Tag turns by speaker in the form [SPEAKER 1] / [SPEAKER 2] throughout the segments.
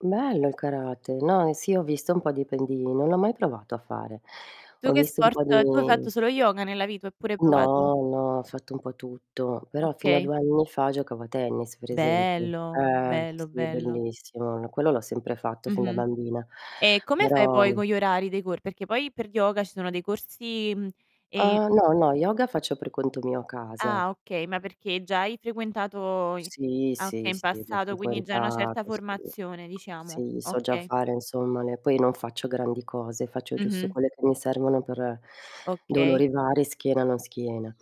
[SPEAKER 1] Bello il karate. No, sì ho visto un po' di pendii, non l'ho mai provato a fare.
[SPEAKER 2] Tu
[SPEAKER 1] Ho
[SPEAKER 2] che
[SPEAKER 1] visto un
[SPEAKER 2] sport
[SPEAKER 1] po' di
[SPEAKER 2] tu hai fatto solo yoga nella vita oppure hai provato
[SPEAKER 1] No, no, ho fatto un po' tutto, però fino a
[SPEAKER 2] Okay.
[SPEAKER 1] 2 anni fa giocavo a tennis, per esempio.
[SPEAKER 2] Bello.
[SPEAKER 1] Eh
[SPEAKER 2] Bello,
[SPEAKER 1] sì,
[SPEAKER 2] bello.
[SPEAKER 1] bellissimo, quello l'ho sempre fatto fin da
[SPEAKER 2] Mh-mh.
[SPEAKER 1] bambina,
[SPEAKER 2] E come fai
[SPEAKER 1] però
[SPEAKER 2] poi con gli orari dei cor perché poi per yoga ci sono dei corsi, mhmm, e
[SPEAKER 1] Uhm, no, no yoga faccio per conto mio a casa.
[SPEAKER 2] Ah okay, ma perché già hai frequentato i
[SPEAKER 1] Sì,
[SPEAKER 2] ah
[SPEAKER 1] sì,
[SPEAKER 2] okay, in
[SPEAKER 1] sì, già
[SPEAKER 2] passato, quindi già hai una certa
[SPEAKER 1] frequentato, sì.
[SPEAKER 2] formazione diciamo.
[SPEAKER 1] Sì so già
[SPEAKER 2] Okay.
[SPEAKER 1] fare, insomma, ne poi non faccio grandi cose, faccio giusto
[SPEAKER 2] Mh-mh.
[SPEAKER 1] quelle che mi servono per
[SPEAKER 2] Okay.
[SPEAKER 1] dolori vari, schiena, non schiena.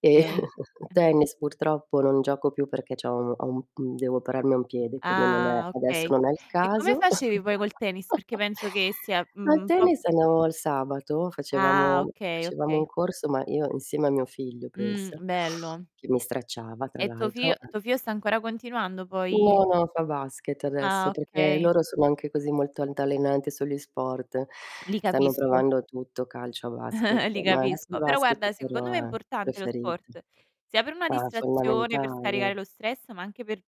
[SPEAKER 1] E
[SPEAKER 2] Mh.
[SPEAKER 1] tennis purtroppo non gioco più perché c'ho un ho un mhmm, devo operarmi a un piede quindi non è
[SPEAKER 2] Ah
[SPEAKER 1] adesso
[SPEAKER 2] okay.
[SPEAKER 1] non è il
[SPEAKER 2] E come
[SPEAKER 1] caso.
[SPEAKER 2] facevi poi col tennis? Perché penso che sia
[SPEAKER 1] Al
[SPEAKER 2] un po',
[SPEAKER 1] tennis
[SPEAKER 2] mhmm
[SPEAKER 1] andavo il sabato,
[SPEAKER 2] Ah
[SPEAKER 1] facevamo
[SPEAKER 2] okay,
[SPEAKER 1] facevamo un
[SPEAKER 2] okay.
[SPEAKER 1] corso, ma io insieme a mio figlio
[SPEAKER 2] Mh.
[SPEAKER 1] pensa,
[SPEAKER 2] Bello.
[SPEAKER 1] che mi stracciava tra
[SPEAKER 2] E tuo figlio
[SPEAKER 1] l'altro. Eh.
[SPEAKER 2] tuo figlio sta ancora continuando poi
[SPEAKER 1] No, no, fa basket
[SPEAKER 2] Ah,
[SPEAKER 1] adesso, perché
[SPEAKER 2] okay.
[SPEAKER 1] loro sono anche così molto altalenanti sugli sport,
[SPEAKER 2] Li
[SPEAKER 1] stanno
[SPEAKER 2] capisco.
[SPEAKER 1] provando tutto: calcio, basket.
[SPEAKER 2] Li
[SPEAKER 1] No adesso il
[SPEAKER 2] capisco. Però
[SPEAKER 1] basket
[SPEAKER 2] guarda secondo
[SPEAKER 1] però
[SPEAKER 2] me è
[SPEAKER 1] è
[SPEAKER 2] importante lo
[SPEAKER 1] preferit
[SPEAKER 2] sport, sia per una
[SPEAKER 1] Eh, è
[SPEAKER 2] distrazione, per scaricare
[SPEAKER 1] fondamentale.
[SPEAKER 2] lo stress, ma anche per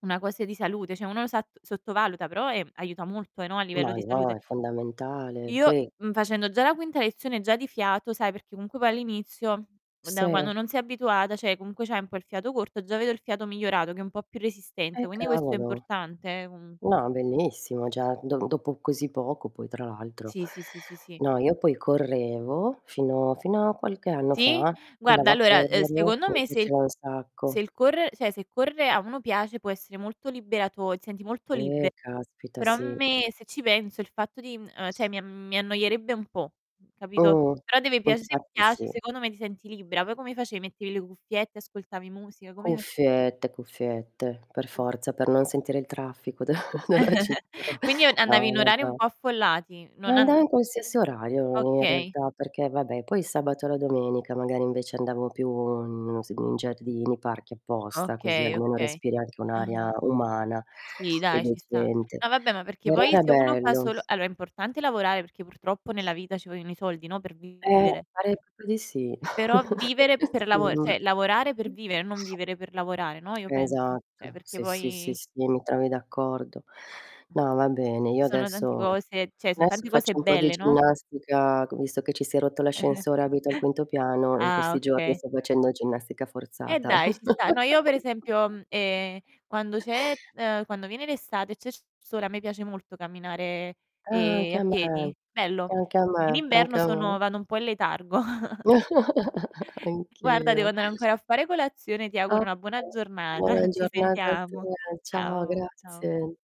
[SPEAKER 2] una cose di salute, cioè uno sat sottovaluta però, ehm, aiuta molto, eh, no, a livello
[SPEAKER 1] Ma
[SPEAKER 2] di
[SPEAKER 1] no,
[SPEAKER 2] salute.
[SPEAKER 1] è fondamentale.
[SPEAKER 2] Io,
[SPEAKER 1] Poi
[SPEAKER 2] mhmm, facendo già la quinta lezione, già di fiato sai perché comunque poi all'inizio, da
[SPEAKER 1] Sì.
[SPEAKER 2] quando non sei abituata, cioè comunque c'hai un po' il fiato corto, già vedo il fiato migliorato, che è un po' più resistente,
[SPEAKER 1] Eh,
[SPEAKER 2] quindi questo è
[SPEAKER 1] cavolo.
[SPEAKER 2] importante eh, comunque.
[SPEAKER 1] No, è bellissimo, già do dopo così poco poi tra l'altro.
[SPEAKER 2] Sì, sì, sì, sì, sì.
[SPEAKER 1] No, io poi correvo, fino fino a qualche anno
[SPEAKER 2] Sì?
[SPEAKER 1] fa,
[SPEAKER 2] Guarda
[SPEAKER 1] andavo a
[SPEAKER 2] allora, uhm,
[SPEAKER 1] correre,
[SPEAKER 2] secondo
[SPEAKER 1] mi
[SPEAKER 2] me se il
[SPEAKER 1] piaceva un
[SPEAKER 2] se
[SPEAKER 1] sacco.
[SPEAKER 2] il corre cioè se correre a uno piace, può essere molto liberato ti senti molto
[SPEAKER 1] Eh,
[SPEAKER 2] libero.
[SPEAKER 1] caspita,
[SPEAKER 2] Però a
[SPEAKER 1] sì.
[SPEAKER 2] me, se ci penso il fatto di mhmm, uhm, cioè, mi a mi annoierebbe un po'. Mh. Capito?
[SPEAKER 1] Mh.
[SPEAKER 2] Però deve piace se
[SPEAKER 1] Infatti
[SPEAKER 2] piace,
[SPEAKER 1] sì.
[SPEAKER 2] secondo me ti senti libera. Poi come face mettevi le cuffiette, ascoltavi musica, come fac
[SPEAKER 1] Cuffiette, cuffiette, per forza, per non sentire il traffico d della città.
[SPEAKER 2] Quindi u
[SPEAKER 1] Ah,
[SPEAKER 2] andavi in orari un
[SPEAKER 1] vabbè.
[SPEAKER 2] po' affollati,
[SPEAKER 1] E
[SPEAKER 2] non
[SPEAKER 1] andavo
[SPEAKER 2] and
[SPEAKER 1] in qualsiasi orario, in
[SPEAKER 2] Okay.
[SPEAKER 1] realtà, perché vabbè, poi il sabato e la domenica, magari, invece andavo più in non s in giardini, parchi, apposta, così
[SPEAKER 2] Okay,
[SPEAKER 1] almeno
[SPEAKER 2] okay.
[SPEAKER 1] respiri anche un'aria
[SPEAKER 2] Ah-ah.
[SPEAKER 1] umana
[SPEAKER 2] Sì,
[SPEAKER 1] e
[SPEAKER 2] dai ci sta.
[SPEAKER 1] decente.
[SPEAKER 2] No vabbè ma perché
[SPEAKER 1] Però
[SPEAKER 2] poi
[SPEAKER 1] era
[SPEAKER 2] se uno fa
[SPEAKER 1] bello.
[SPEAKER 2] solo allo è importante lavorare, perché purtroppo nella vita ci vogliono i soldi, no, per
[SPEAKER 1] Eh,
[SPEAKER 2] vivere.
[SPEAKER 1] pare proprio di sì.
[SPEAKER 2] Però vivere per
[SPEAKER 1] Sì,
[SPEAKER 2] lavo
[SPEAKER 1] vabbè.
[SPEAKER 2] cioè, lavorare per vivere, non vivere per lavorare, no, io penso, cioè
[SPEAKER 1] Esatto.
[SPEAKER 2] perché
[SPEAKER 1] Sì, sì, sì,
[SPEAKER 2] poi
[SPEAKER 1] sì, mi trovi d'accordo.
[SPEAKER 2] Mh.
[SPEAKER 1] No, va bene, io
[SPEAKER 2] Ci sono tanti
[SPEAKER 1] adesso
[SPEAKER 2] cose cioè son
[SPEAKER 1] adesso
[SPEAKER 2] tanti cose
[SPEAKER 1] faccio un po' di
[SPEAKER 2] belle, no?
[SPEAKER 1] ginnastica c visto che ci si è rotto l'ascensore, abito al quinto piano, in
[SPEAKER 2] Ah,
[SPEAKER 1] questi giorni
[SPEAKER 2] okay.
[SPEAKER 1] sto facendo ginnastica
[SPEAKER 2] Eh,
[SPEAKER 1] forzata.
[SPEAKER 2] dai, ci sta. No, io per esempio, mhmm, ehm, quando c'è, uhm, quando viene l'estate c'è il sole, a me piace molto camminare,
[SPEAKER 1] Ah,
[SPEAKER 2] ehm,
[SPEAKER 1] anche
[SPEAKER 2] a
[SPEAKER 1] a me,
[SPEAKER 2] piedi, bello.
[SPEAKER 1] anche a
[SPEAKER 2] In
[SPEAKER 1] me, anche
[SPEAKER 2] inverno
[SPEAKER 1] a me.
[SPEAKER 2] sono vado un po' in letargo. Guarda, devo
[SPEAKER 1] Anch'io.
[SPEAKER 2] andare ancora a fare colazione, ti
[SPEAKER 1] Ah,
[SPEAKER 2] auguro una buona
[SPEAKER 1] okay,
[SPEAKER 2] giornata.
[SPEAKER 1] buona
[SPEAKER 2] Ci
[SPEAKER 1] giornata a te.
[SPEAKER 2] sentiamo.
[SPEAKER 1] Ciao,
[SPEAKER 2] Ciao, ciao.
[SPEAKER 1] grazie.